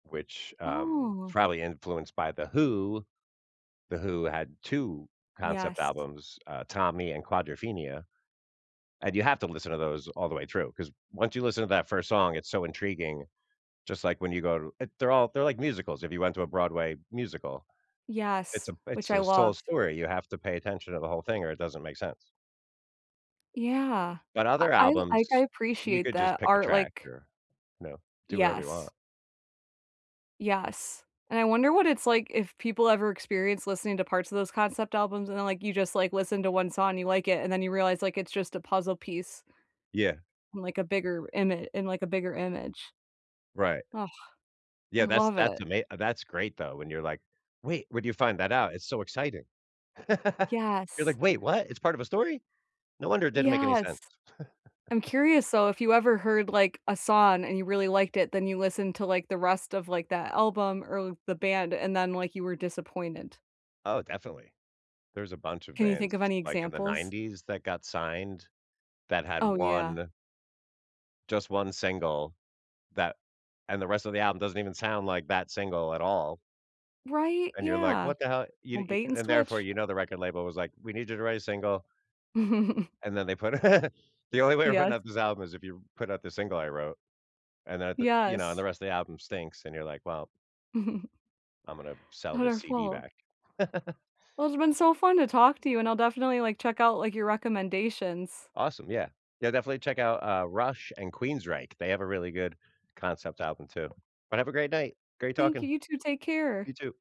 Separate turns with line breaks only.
Which, um,
Oh.
probably influenced by The Who. The Who had 2 concept
Yes.
albums, uh, Tommy and Quadrophenia, and you have to listen to those all the way through, 'cause once you listen to that 1st song, it's so intriguing, just like when you go to it they're all they're like musicals, if you went to a Broadway musical, it's
Yes,
a b it's
which I
a soul
loved.
story. You have to pay attention to the whole thing or it doesn't make sense.
Yeah.
But
Uh,
other
I'll like, I
albums, you
appreciate
could just
that
pick a
art,
track
like
or, you know, do whatever you
Yes.
want.
Yes, and I wonder what it's like if people ever experience listening to parts of those concept albums, and then, like you just, like, listen to 1 song, you like it, and then you realize, like, it's just a puzzle piece
Yeah.
like, a bigger ima in, like, a bigger image.
Right.
Ugh,
Yeah.
I
That's
love
that's
it.
ama uh, that's great, though, when you're, like, "Wait, where'd you find that out? It's so exciting." You're
Yes.
like, "Wait, what? It's part of a story? No wonder it didn't make any
Yes.
sense."
I'm curious though, if you ever heard, like, a song and you really liked it, then you listened to, like, the rest of, like, that album or l the band, and then, like, you were disappointed.
Oh, definitely. There's a bunch of
Can you think of
bands,
any
like, in the
examples?
90s that got signed that had
Oh yeah.
one just 1 single that and the rest of the album doesn't even sound like that single at all.
Right?
and you're, like,
Yeah,
"What the hell?" You t
old
e
bait and
and therefore,
switch.
you know the record label was, like, "We need you to write a single and then, they put the only way of putting
Yes.
out this album is if you put out the single I wrote." And then th you know, and the
Yes.
rest of the album stinks, and you're, like, "Well "I'm gonna b sell this
Other
CD
flaw.
back."
Well, it's been so fun to talk to you and I'll definitely, like, check out, like, your recommendations.
Awesome. Yeah. Yeah, definitely check out, uh, Rush and Queensrÿche, they have a really good concept album too. But have a great night. Great
Thank you.
talking.
You too, take care.
You too.